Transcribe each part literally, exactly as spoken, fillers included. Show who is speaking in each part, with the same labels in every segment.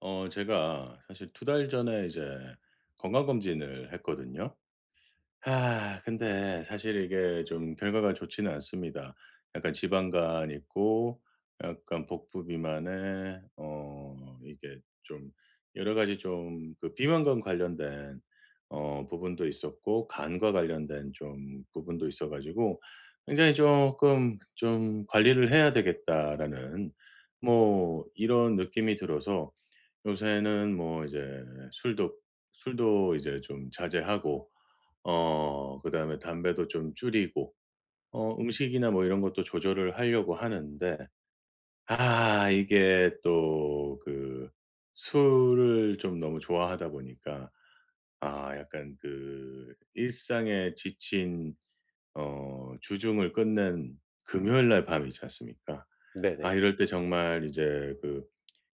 Speaker 1: 어 제가 사실 두 달 전에 이제 건강검진을 했거든요. 아 근데 사실 이게 좀 결과가 좋지는 않습니다. 약간 지방간 있고 약간 복부 비만에 어 이게 좀 여러 가지 좀 그 비만과 관련된 어 부분도 있었고, 간과 관련된 좀 부분도 있어 가지고 굉장히 쪼끔 '좀 관리를 해야 되겠다.'라는 뭐 이런 느낌이 들어서 요새는 뭐 이제 술도 술도 이제 좀 자제하고 어 그다음에 담배도 좀 줄이고 어 음식이나 뭐 이런 것도 조절을 하려고 하는데 아 이게 또 그 술을 좀 너무 좋아하다 보니까 아 약간 그 일상에 지친 어 주중을 끝낸 금요일 날 밤 있지 않습니까? 아
Speaker 2: 네네.
Speaker 1: 이럴 때 정말 이제 그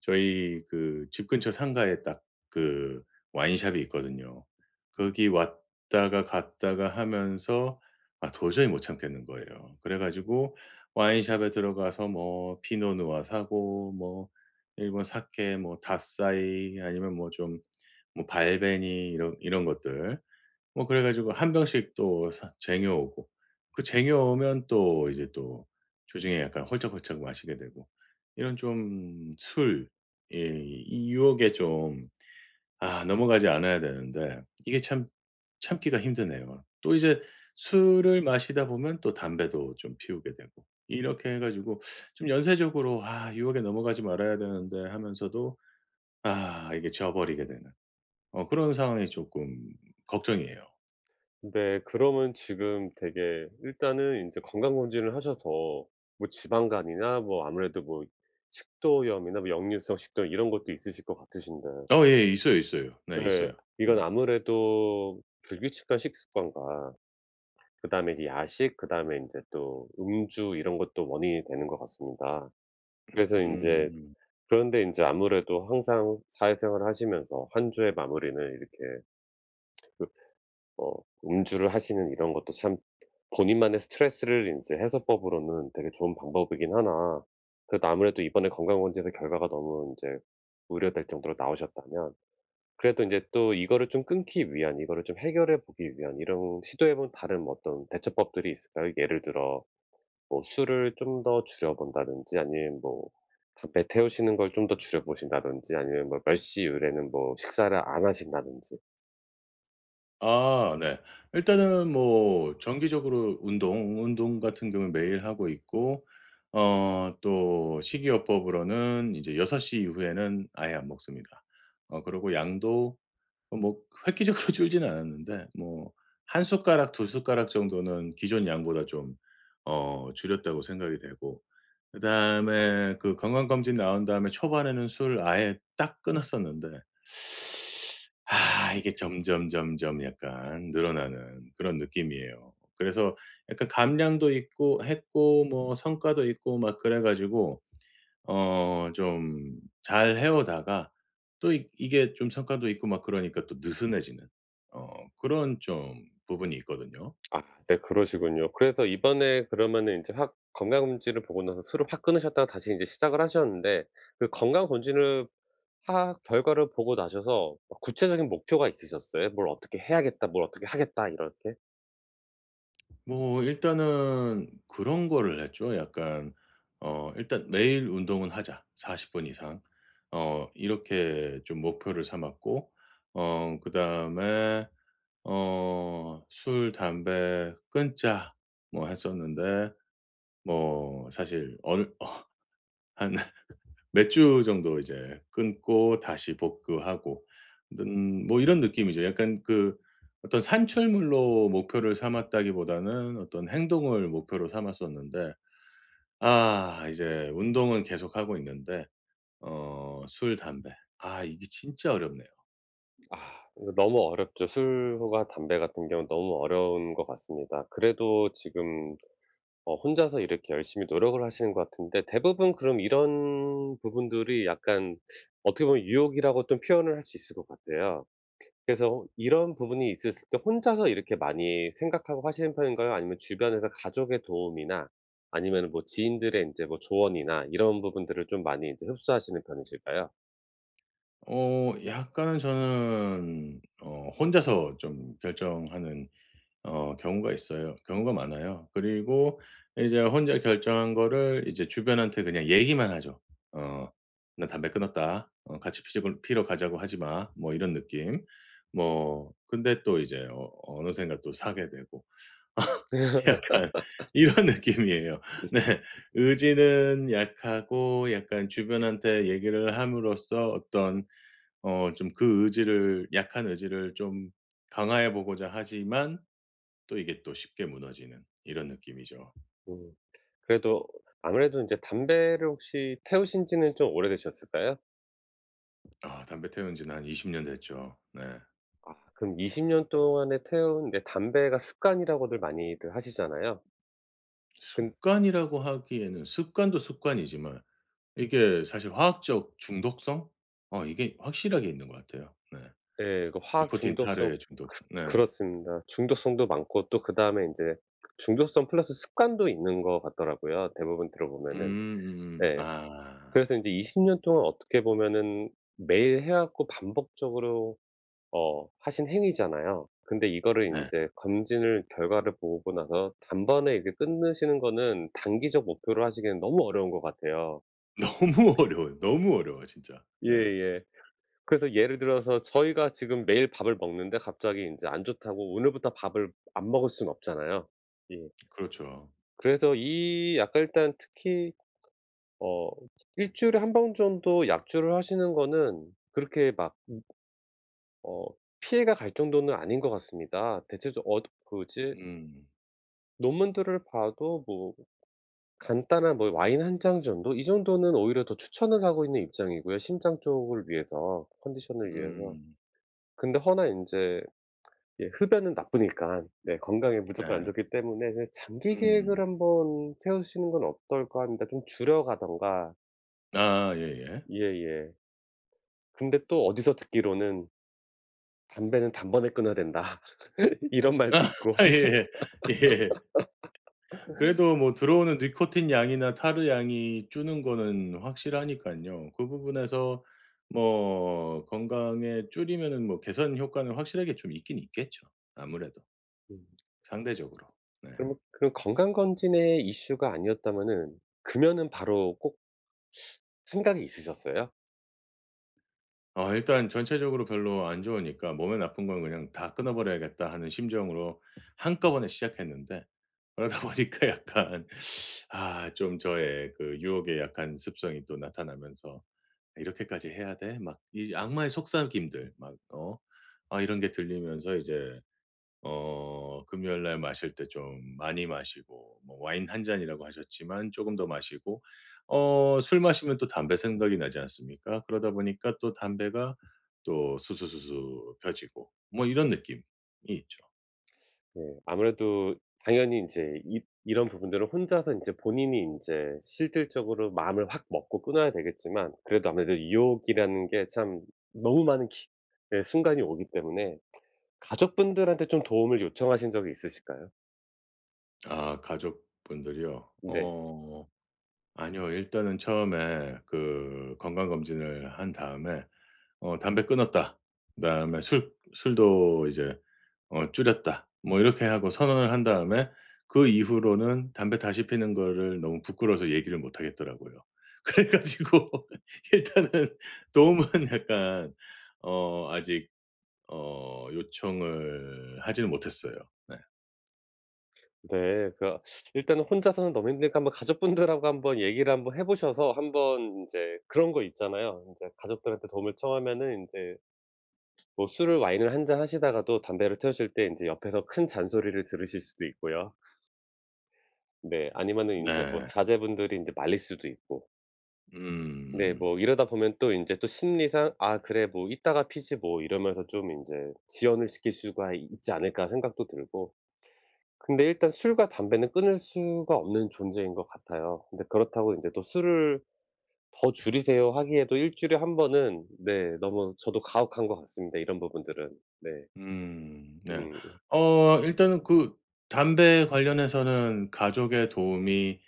Speaker 1: 저희 그 집 근처 상가에 딱 그 와인숍이 있거든요. 거기 왔다가 갔다가 하면서 아 도저히 못 참겠는 거예요. 그래 가지고 와인숍에 들어가서 뭐 피노 누아 사고, 뭐 일본 사케 뭐 닷사이 아니면 뭐 좀 뭐 발베니 이런 이런 것들. 뭐 그래 가지고 한 병씩 또 사 쟁여 오고 그 쟁여 오면 또 이제 또 주중에 약간 홀짝홀짝 마시게 되고 이런 좀 술의 이 유혹에 좀 아 넘어가지 않아야 되는데 이게 참 참기가 힘드네요. 또 이제 술을 마시다 보면 또 담배도 좀 피우게 되고. 이렇게 해 가지고 좀 연쇄적으로 '아 유혹에 넘어가지 말아야 되는데.' 하면서도 아 이게 져 버리게 되는 어 그런 상황이 조금 걱정이에요.
Speaker 2: 근데 그러면 지금 되게 일단은 인제 건강검진을 하셔서 뭐 지방간이나 뭐 아무래도 뭐 식도염이나 뭐 역류성 식도염 이런 것도 있으실 것 같으신데
Speaker 1: 어 예. 있어요, 있어요. 네
Speaker 2: 예.
Speaker 1: 있어요. 네.
Speaker 2: 이건 아무래도 불규칙한 식습관과 그다음에 이제 야식 그다음에 인제 또 음주 이런 것도 원인이 되는 것 같습니다. 그래서 인제
Speaker 1: 음.
Speaker 2: 그런데 인제 아무래도 항상 사회생활 하시면서 한 주의 마무리는 이렇게 웁트. 어 음주를 하시는 이런 것도 참 본인만의 스트레스를 인제 해소법으로는 되게 좋은 방법이긴 하나 그래도 아무래도 이번에 건강검진에서 결과가 너무 인제 우려될 정도로 나오셨다면 그래도 인제 또 이거를 좀 끊기 위한, 이거를 좀 해결해 보기 위한 이런 시도해 본 다른 뭐 어떤 대처법들이 있을까요? 예를 들어 뭐 술을 좀 더 줄여 본다든지 아니면 뭐 담배 태우시는 걸 좀 더 줄여 보신다든지 아니면 뭐 몇 시 이후에는 뭐 식사를 안 하신다든지.
Speaker 1: 아 네. 일단은 뭐 정기적으로 운동, 운동 같은 경우엔 매일 하고 있고 어 또 식이요법으로는 이제 여섯 시 이후에는 아예 안 먹습니다. 어 그리고 양도 뭐 그 획기적으로 줄지는 않았는데 뭐 '한 숟가락 두 숟가락 정도는 기존 양보다 좀 어 줄였다.'고 생각이 되고 그다음에 그 건강검진 나온 다음에 초반에는 술 아예 딱 끊었었는데 아 이게 점점점점 약간 늘어나는 그런 느낌이에요. 그래서 약간 감량도 있고 했고 뭐 성과도 있고 막 그래 가지고 어 좀 잘 해오다가 또 익 이게 좀 성과도 있고 막 그러니까 또 느슨해지는 어 그런 좀 부분이 있거든요.
Speaker 2: 아 네 그러시군요. 그래서 이번에 그러면은 인제 확 건강검진을 보고 나서 술을 확 끊으셨다가 다시 이제 시작을 하셨는데 그 건강검진을 하 결과를 보고 나셔서 그 구체적인 목표가 있으셨어요? '뭘 어떻게 해야겠다. 뭘 어떻게 하겠다.' 이렇게?
Speaker 1: 뭐 일단은 그런 거를 했죠. 약간 어 '일단 매일 운동은 하자, 사십 분 이상.' 어 이렇게 좀 목표를 삼았고 어 그다음에 어 '술, 담배 끊자.' 뭐 했었는데 뭐 사실 얼 어 한 몇 주 정도 이제 끊고 다시 복구하고 는 뭐 이런 느낌이죠. 약간 그 어떤 산출물로 목표를 삼았다기보다는 어떤 행동을 목표로 삼았었는데 아 이제 운동은 계속하고 있는데 어 술, 담배 아 이게 진짜 어렵네요.
Speaker 2: 아. 이거 너무 어렵죠. 술과 담배 같은 경우는 너무 어려운 것 같습니다. 그래도 지금 어 혼자서 이렇게 열심히 노력을 하시는 것 같은데 대부분 그럼 이런 부분들이 약간 어떻게 보면 유혹이라고 또 표현을 할 수 있을 것 같아요. 그래서 이런 부분이 있었을 때 혼자서 이렇게 많이 생각하고 하시는 편인가요? 아니면 주변에서 가족의 도움이나 아니면은 뭐 지인들의 인제 뭐 조언이나 이런 부분들을 좀 많이 이제 흡수하시는 편이실까요?
Speaker 1: 어 약간 저는 어 혼자서 좀 결정하는 어 경우가 있어요. 경우가 많아요. 그리고 이제 혼자 결정한 거를 이제 주변한테 그냥 얘기만 하죠. 어 "나 담배 끊었다. 어 같이 피자고 피러 가자고 하지 마." 뭐 이런 느낌. 뭐 근데 또 이제 어 어느샌가 또 사게 되고 약간 이런 느낌이에요. 네. 의지는 약하고 약간 주변한테 얘기를 함으로써 어떤 어 좀 그 의지를 약한 의지를 좀 강화해 보고자 하지만 또 이게 또 쉽게 무너지는 이런 느낌이죠.
Speaker 2: 음. 그래도 아무래도 인제 담배를 혹시 태우신지는 좀 오래되셨을까요?
Speaker 1: 아 담배 태운지는 한 이십 년 됐죠. 네.
Speaker 2: 아 그럼 이십 년 동안에 태운 네 담배가 습관이라고들 많이들 하시잖아요. 근
Speaker 1: 습관이라고 하기에는 습관도 습관이지만 이게 사실 화학적 중독성? 어 이게 확실하게 있는 것 같아요. 네.
Speaker 2: 네. 그 화학
Speaker 1: 니코틴,
Speaker 2: 중독성
Speaker 1: 타르의
Speaker 2: 그
Speaker 1: 중독성. 네.
Speaker 2: 그렇습니다. 중독성도 많고 또 그다음에 인제 중독성 플러스 습관도 있는 것 같더라고요 대부분
Speaker 1: 음
Speaker 2: 들어보면은.
Speaker 1: 음음.
Speaker 2: 네.
Speaker 1: 아.
Speaker 2: 그래서 인제 이십 년 동안 어떻게 보면은 매일 해 왔고 반복적으로 어 하신 행위잖아요. 근데 이거를
Speaker 1: 네.
Speaker 2: 인제 검진을 결과를 보고 나서 단번에 이게 끊으시는 거는 단기적 목표로 하시기에는 너무 어려운 것 같아요.
Speaker 1: 너무 어려워요. 너무 어려워요 진짜. 네.
Speaker 2: 예예. 그래서 예를 들어서 저희가 지금 매일 밥을 먹는데 갑자기 인제 안 좋다고 오늘부터 밥을 안 먹을 순 없잖아요. 예.
Speaker 1: 그렇죠.
Speaker 2: 그래서 이 약간 일단 특히 어 일 주일에 한 번 정도 약주를 하시는 거는 그렇게 막 어 피해가 갈 정도는 아닌 것 같습니다. 대체적 엇 굳이
Speaker 1: 음.
Speaker 2: 논문들을 봐도 뭐 간단한 뭐 와인 한 잔 정도 이 정도는 오히려 더 추천을 하고 있는 입장이고요, 심장 쪽을 위해서, 컨디션을 위해서.
Speaker 1: 음.
Speaker 2: 근데 허나 인제 예 흡연은 나쁘니깐 네 건강에 무조건 안
Speaker 1: 네.
Speaker 2: 좋기 때문에 그 '장기 계획을
Speaker 1: 음.
Speaker 2: 한번 세우시는 건 어떨까?' 합니다. 좀 줄여 가든가.
Speaker 1: 아아 예예.
Speaker 2: 예예. 근데 또 어디서 듣기로는 "담배는 단번에 끊어야 된다." 이런 말도 있고.
Speaker 1: 예예. 예예. 그래도 뭐 들어오는 니코틴 양이나 타르 양이 주는 거는 확실하니깐요. 그 부분에서 뭐 건강에 줄이면은 뭐 개선 효과는 확실하게 좀 있긴 있겠죠. 아무래도
Speaker 2: 음.
Speaker 1: 상대적으로. 네.
Speaker 2: 그러면 그 건강검진의 이슈가 아니었다면은 금연은 바로 꼭 생각이 있으셨어요?
Speaker 1: 어 일단 전체적으로 별로 안 좋으니까 '몸에 나쁜 건 그냥 다 끊어 버려야겠다.'하는 심정으로 한꺼번에 시작했는데 그러다 보니까 약간 아 좀 저의 그 유혹에 약한 습성이 또 나타나면서 '이렇게까지 해야 돼?' 막 이 악마의 속삭임들, 막 어 아 이런 게 들리면서 이제 어 금요일 날 마실 때 좀 많이 마시고 뭐 "와인 한 잔"이라고 하셨지만 조금 더 마시고. 어 술 마시면 또 담배 생각이 나지 않습니까? 그러다 보니까 또 담배가 또 수수수수 피워 지고 뭐 이런 느낌이 있죠.
Speaker 2: 네. 아무래도 당연히 인제 입 이런 부분들을 혼자서 인제 본인이 인제 실질적으로 마음을 확 먹고 끊어야 되겠지만 그래도 아무래도 유혹이라는 게 참 너무 많은 기 예 순간이 오기 때문에 가족분들한테 좀 도움을 요청하신 적이 있으실까요?
Speaker 1: 아 가족분들이요?
Speaker 2: 네.
Speaker 1: 어 아니요. 일단은 처음에 그 건강검진을 한 다음에 어 "담배 끊었다." 그다음에 "술 술도 이제 어 줄였다." 뭐 이렇게 하고 선언을 한 다음에 그 이후로는 담배 다시 피우는 거를 너무 부끄러워서 얘기를 못 하겠더라고요. 그래 가지고 일단은 도움은 약간 어 아직 어 요청을 하지는 못했어요. 네.
Speaker 2: 네. 그 일단은 혼자서는 너무 힘드니까 한번 가족분들하고 한번 얘기를 한번 해 보셔서 한번 인제 그런 거 있잖아요. 인제 가족들한테 도움을 청하면은 인제 뭐 술을 와인을 한 잔 하시다가도 담배를 태우실 때 인제 옆에서 큰 잔소리를 들으실 수도 있고요. 네 아니면은 인제 뭐
Speaker 1: 네.
Speaker 2: 자제분들이 인제 말릴 수도 있고. 네.
Speaker 1: 음음.
Speaker 2: 뭐 이러다 보면 또 인제 심리상 '아 그래. 뭐 이따가 피지 뭐.' 이러면서 좀 인제 '지연을 시킬 수가 있지 않을까?' 생각도 들고. 근데 일단 술과 담배는 끊을 수가 없는 존재인 것 같아요. 근데 그렇다고 인제 "또 술을 더 줄이세요." 하기에도 일 주일에 일 번은 네 너무 저도 가혹한 것 같습니다, 이런 부분들은. 네.
Speaker 1: 음 네.
Speaker 2: 음.
Speaker 1: 어 일단은 그 담배 관련해서는 가족의 도움이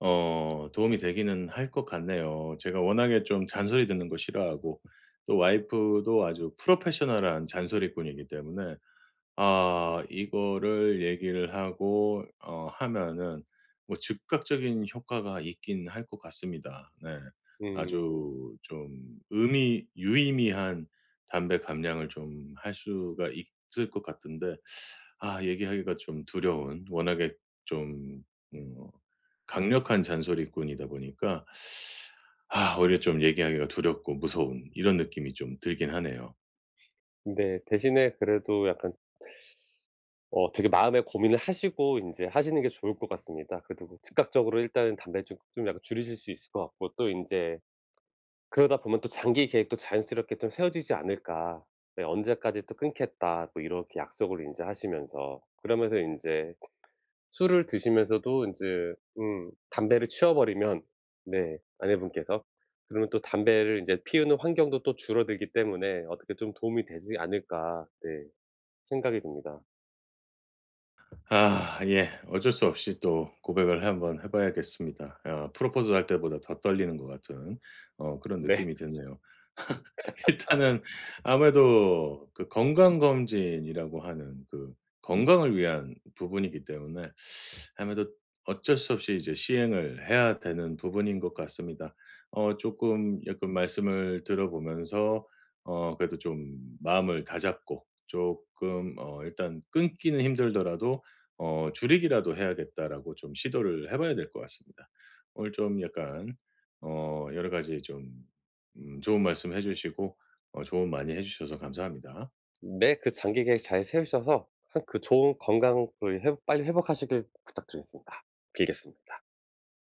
Speaker 1: 어 도움이 되기는 할 것 같네요. 제가 워낙에 좀 잔소리 듣는 거 싫어하고 또 와이프도 아주 professional한 잔소리꾼이기 때문에 아 이거를 얘기를 하고 어 하면은 뭐 즉각적인 효과가 있긴 할 것 같습니다. 네.
Speaker 2: 음.
Speaker 1: 아주 좀 의미 유의미한 담배 감량을 좀 할 수가 있을 것 같은데 아 얘기하기가 좀 두려운 워낙에 좀 음 어 강력한 잔소리꾼이다 보니까 아 오히려 좀 얘기하기가 두렵고 무서운 이런 느낌이 좀 들긴 하네요.
Speaker 2: 네. 대신에 그래도 약간 어 되게 마음에 고민을 하시고 인제 하시는 게 좋을 것 같습니다. 그래도 즉각적으로 일단은 담배 좀 좀 약간 줄이실 수 있을 것 같고 또 인제 그러다 보면 또 장기 계획도 자연스럽게 좀 세워지지 않을까. 네 '언제까지 또 끊겠다.' 또 이렇게 약속을 인제 하시면서 그러면서 인제 술을 드시면서도 인제 음 담배를 치워버리면 네 아내분께서 그러면 또 담배를 인제 피우는 환경도 또 줄어들기 때문에 '어떻게 좀 도움이 되지 않을까.' 네 생각이 듭니다.
Speaker 1: 아 예. 어쩔 수 없이 또 고백을 한번 해 봐야겠습니다. 어 프로포즈 할 때보다 더 떨리는 것 같은 어 그런
Speaker 2: 네.
Speaker 1: 느낌이 드네요. 일단은 아무래도 그 건강검진이라고 하는 그 건강을 위한 부분이기 때문에 아무래도 어쩔 수 없이 이제 시행을 해야 되는 부분인 것 같습니다. 어 쪼끔 약간 말씀을 들어보면서 어 그래도 좀 마음을 다잡고 쪼끔 어 일단 '끊기는 힘들더라도 어 줄이기라도 해야겠다.'라고 좀 시도를 해 봐야 될 것 같습니다. 오늘 좀 약간 어 여러 가지 좀 음 좋은 말씀해 주시고 어 조언 많이 해 주셔서 감사합니다.
Speaker 2: 네. 그 장기 계획을 잘 세우셔서 하 그 좋은 건강을 회복 빨리 회복하시길 부탁드리겠습니다. 빌겠습니다.